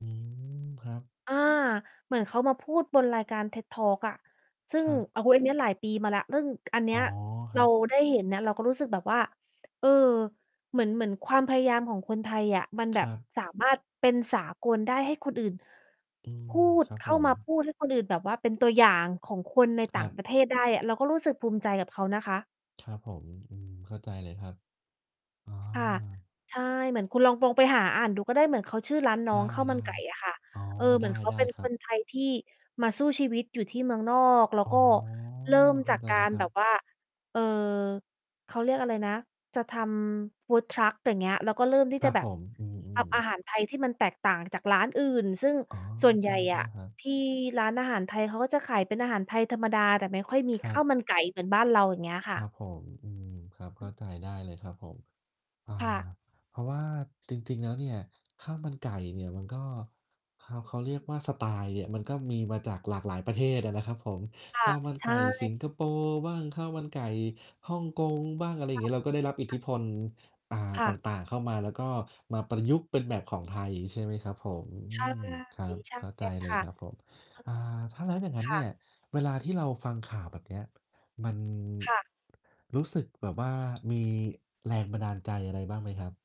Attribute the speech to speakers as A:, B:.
A: อืม ครับ
B: อ่า เหมือนเขามาพูดบนรายการ TED talk อะ ซึ่
A: ค
B: ง
A: รับ
B: โอ้โฮ อันนี้หลายปีมาแล้ว นึ่ง อันนี
A: อ๋
B: ้
A: อ ค
B: เ
A: ร
B: ร
A: ั
B: า
A: บ
B: ได้เห็นนะ เราก็รู้สึกแบบว่า เอ่อ เหมือน เหมือนความพยายามของคนไทยอะมัน
A: ค
B: แบ
A: ร
B: บ
A: ับ
B: สามารถเป็นสากลได้ให้คนอื่น
A: อื
B: พ
A: ม
B: ูด
A: ครับ
B: เข้
A: ผ
B: ามาพ
A: ม
B: ูด ให้คนอื่นแบบว่าเป็นตัวอย่างของคนใน
A: ค
B: ต่
A: ร
B: า
A: ั
B: ง
A: บ
B: ประเทศได้ เราก็รู้สึกภูมิใจกับเขานะคะ
A: ครับผม อืม เข้าใจเลยครับ อ๋อ
B: ค่ะ ใช่ เหมือนคุณลอง ปองไปหาอ่านดูก็ได้ เหมือนเขาชื่อร้านน้
A: ไ
B: องข้าวม
A: ด
B: ัน
A: ้
B: ไก่อะค่ะ
A: ๆ อ๋อ
B: เอ่อ เหมือนเขา
A: ได
B: เ
A: ้
B: ป็น
A: ๆ คร
B: ค
A: ั
B: น
A: บ
B: ไทยที่มาสู้ชีวิตอยู่ที่เมืองนอก แล้ว
A: อ๋อ
B: ก็เริ่ม
A: เข
B: จ
A: ้า
B: าก
A: ใจ
B: ก
A: แล้
B: า
A: ว
B: ร
A: ค
B: แ
A: รั
B: บ
A: บ
B: บว่า เอ่อ เขาเรียกอะไรนะ จะทำ Food truck อย่างเงี้ย แล้วก็เริ่มที่
A: ค
B: จ
A: รั
B: ะ
A: บ
B: แบ
A: ผ
B: บ
A: ม อื
B: ท
A: อ
B: ำอา
A: ๆ
B: หาร ไทย ที่มันแตกต่างจากร้านอื่น ซึ่ง
A: อ๋อ
B: ส่วนใ
A: ใช
B: หญ่อ
A: ่
B: ะ
A: ๆ ครับ
B: ที่ร้านอาหารไทยเขาก็จะขายเป็นอาหารไทยธรรมดา แต่ไม่ค่อยมี
A: คร
B: ข
A: ั
B: ้า
A: บ
B: วมันไก่เหมือนบ้านเรา อย่างเงี้ย
A: ค
B: ค่
A: รั
B: ะ
A: บผม อือ ครับ เข้าใจได้เลยครับผม อา
B: ค่ะ
A: เพราะว่าจริง ๆ แล้วเนี่ยข้าวมันไก่เนี่ยมันก็เขา เขาเรียกว่าสไตล์เนี่ย มันก็มีมาจากหลากหลายประเทศอะนะครับผม
B: ค่
A: ข
B: ะ
A: ้าวมัน
B: ใช
A: ไก่ส
B: ่
A: ิงคโปร์บ้าง ข้าวมันไก่ฮ่องกงบ้าง อะไร
B: ค่ะ
A: งี้ เราก็ได้รับอิท
B: ค
A: ธ
B: ่
A: ิ
B: ะ
A: พล อ่า
B: ค่
A: ต
B: ะ
A: ่าง ๆ เข้ามา แล้วก็มาประยุกต์เป็นแบบของไทย ใช่ไหมครับผม อ
B: ใ
A: ื
B: ช่
A: อ ครับ
B: ใช
A: เข้าใจ
B: ่
A: เล
B: ค
A: ย
B: ่ะ
A: ครับผม อ่า ถ้าแล้วอย่างนั้
B: ค
A: นเน
B: ่
A: ี่ย
B: ะ
A: เวลาที่เราฟังข่าวแบบเนี้ย มัน
B: ค่ะ
A: รู้สึกแบบว่า มีแรงบันดาลใจอะไรบ้างไหมครับ?